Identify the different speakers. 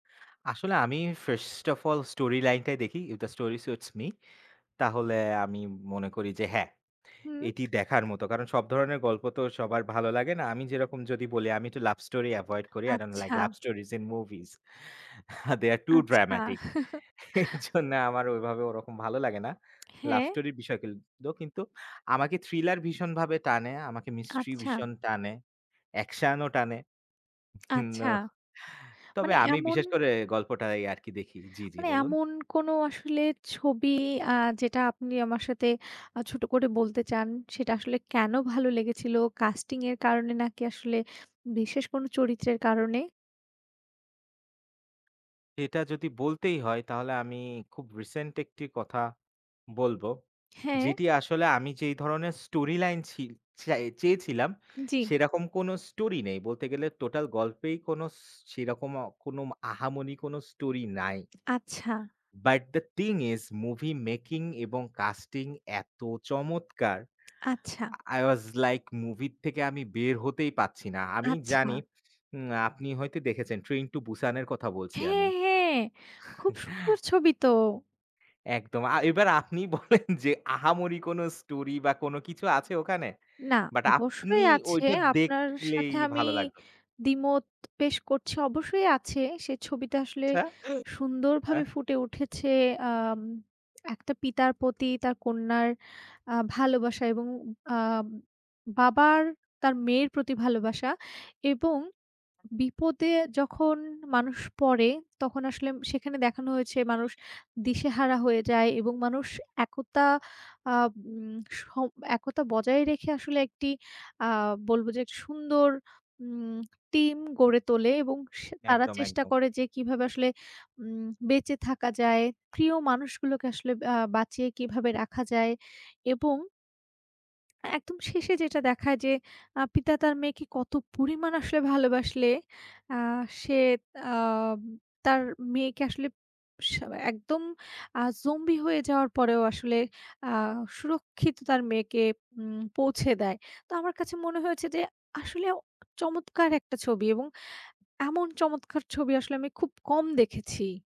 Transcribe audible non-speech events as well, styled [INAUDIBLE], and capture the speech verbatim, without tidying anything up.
Speaker 1: আসলে আমি first of all story লাইনটাই দেখি, if the story suits me তাহলে আমি মনে করি যে হ্যাঁ,
Speaker 2: হুম।
Speaker 1: এটি দেখার মত। কারণ সব ধরণের গল্প তো সবার ভালো লাগে না। আমি যেরকম যদি বলি আমি একটু লাভ স্টোরি এভয়েড করি, আই ডোন্ট লাইক
Speaker 2: আচ্ছা।
Speaker 1: Love stories in movies. They are too
Speaker 2: আচ্ছা।
Speaker 1: dramatic এরজন্য আমার ওভাবে ওরকম ভালো লাগে না। লাভ
Speaker 2: হ্যাঁ।
Speaker 1: স্টোরি বিষয় কিলতু কিন্তু আমাকে থ্রিলার ভীষণভাবে টানে, আমাকে মিস্ট্রি
Speaker 2: আচ্ছা।
Speaker 1: ভীষণ টানে, অ্যাকশন ও টানে।
Speaker 2: আচ্ছা,
Speaker 1: নো, তবে
Speaker 2: মানে
Speaker 1: আমি
Speaker 2: এমন
Speaker 1: বিশেষ করে গল্পটাই আরকি দেখি। জি, জি
Speaker 2: মানে
Speaker 1: বলুন।
Speaker 2: এমন কোনো আসলে ছবি আ যেটা আপনি আমার সাথে আ ছোট করে বলতে চান, সেটা আসলে কেন ভালো লেগেছিল কাস্টিং এর কারণে নাকি আসলে বিশেষ কোন চরিত্রের কারণে?
Speaker 1: এটা যদি বলতেই হয় তাহলে আমি খুব রিসেন্ট একটি কথা বলব।
Speaker 2: হ্যাঁ।
Speaker 1: যেটি আসলে আমি যেই ধরনের স্টোরি লাইন ছি চাই চেয়েছিলাম
Speaker 2: জি।
Speaker 1: সেরকম কোনো স্টোরি নেই বলতে গেলে টোটাল গল্পেই কোনো সো সেরকম অ কোনো আহামনি কোনো স্টোরি নাই।
Speaker 2: আচ্ছা।
Speaker 1: But the thing is movie making এবং casting এত চমৎকার!
Speaker 2: আচ্ছা।
Speaker 1: আই ওয়াজ লাইক মুভির থেকে আমি বের হতেই পারছি না। আমি জানি
Speaker 2: আচ্ছা।
Speaker 1: উম আপনি হয়তো দেখেছেন "Train to Busan" এর কথা বলছি আমি।
Speaker 2: হ্যাঁ, হ্যাঁ, খুব সুন্দর
Speaker 1: [CHUCKLES]
Speaker 2: ছবি তো!
Speaker 1: একদম আ এবার আপনি বলেন যে আহামরি কোনো স্টোরি বা কোন কিছু আছে ওখানে?
Speaker 2: না
Speaker 1: বাট আপনি
Speaker 2: অবশ্যই আছে।
Speaker 1: ঐটা
Speaker 2: আপনার
Speaker 1: দেখলেই
Speaker 2: সাথে আমি
Speaker 1: ভালো লাগবে।
Speaker 2: দ্বিমত পেশ করছি অবশ্যই আছে। সে ছবিতে আসলে
Speaker 1: আচ্ছা,
Speaker 2: সুন্দর
Speaker 1: অ্যা
Speaker 2: ভাবে ফুটে উঠেছে আম একটা পিতার প্রতি তার কন্যার আ ভালোবাসা এবং আ বাবার তার মেয়ের প্রতি ভালোবাসা এবং বিপদে যখন মানুষ পড়ে তখন আসলে সেখানে দেখানো হয়েছে মানুষ দিশেহারা হয়ে যায় এবং মানুষ একতা আ উম স একতা বজায় রেখে আসলে একটি আ বলবো যে সুন্দর উম টিম গড়ে তোলে। এবং সা তারা
Speaker 1: একদম,
Speaker 2: চেষ্টা
Speaker 1: একদম।
Speaker 2: করে যে কীভাবে আসলে উম বেঁচে থাকা যায়, প্রিয় মানুষগুলোকে আসলে বা বাঁচিয়ে কীভাবে রাখা যায়? এবং একদম শেষে যেটা দেখায় যে আ পিতা তার মেয়েকে কত পরিমাণ আসলে ভালোবাসলে আ সে আম তার মেয়েকে আসলে স একদম আ জম্বি হয়ে যাওয়ার পরেও আসলে আ সুরক্ষিত তার মেয়েকে উম পৌঁছে দেয়। তো আমার কাছে মনে হয়েছে যে আসলে চমৎকার একটা ছবি এবং এমন চমৎকার ছবি আসলে আমি খুব কম দেখেছি।